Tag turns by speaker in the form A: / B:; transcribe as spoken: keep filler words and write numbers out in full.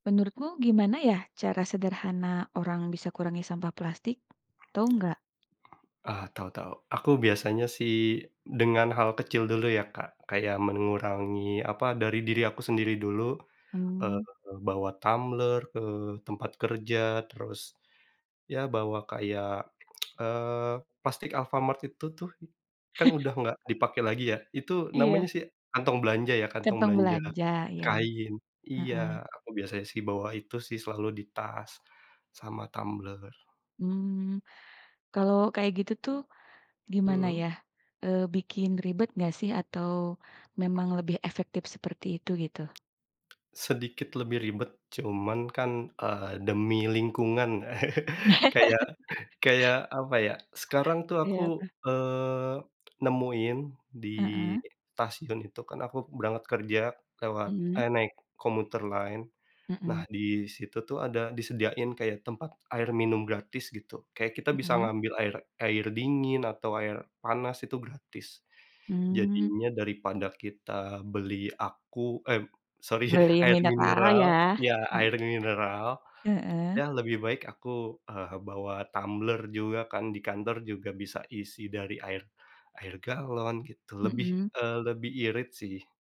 A: Menurutmu, gimana ya cara sederhana orang bisa kurangi sampah plastik, Tahu nggak?
B: Ah, tahu tahu. Aku biasanya sih, dengan hal kecil dulu ya, Kak. Kayak mengurangi, apa, dari diri aku sendiri dulu. Eee,
A: Mmm.
B: bawa tumbler ke tempat kerja. Terus, ya bawa kayak, eee, plastik Alfamart itu tuh, kan udah nggak dipakai lagi ya. Itu namanya
A: Iya.
B: sih, kantong belanja, ya? Kantong
A: Kantong
B: belanja,
A: belanja. Iya.
B: kain. Iya,
A: Heeh.
B: aku biasanya sih bawa itu sih selalu di tas sama tumbler.
A: Mmm. Kalo kayak gitu tuh, gimana
B: Mhm.
A: ya, eee, bikin ribet nggak, sih? Atau memang lebih efektif seperti itu, gitu?
B: Sedikit lebih ribet cuman kan, eee, demi lingkungan. Kayak kayak, apa ya, sekarang tuh aku,
A: Iya, apa?
B: eee, nemuin di
A: Heeh?
B: tasiun itu kan aku berangkat kerja, lewat
A: Mhm?
B: eh naik commuter line. Nah,
A: Mhm.
B: di situ tuh ada disediain kayak tempat air minum gratis, gitu. Kayak kita bisa
A: Mhm?
B: ngambil air air dingin, atau air panas, itu gratis.
A: Mmm.
B: Jadinya, daripada kita beli aku eh sorry.
A: Beli
B: Air
A: mineral,
B: mineral,
A: ya?
B: ya
A: He
B: air mineral.
A: Heeh.
B: Ya lebih baik, aku, eee, bawa tumbler juga kan, di kantor juga bisa isi dari air air galon, gitu. Lebih,
A: Mhm.
B: eee, lebih irit, sih.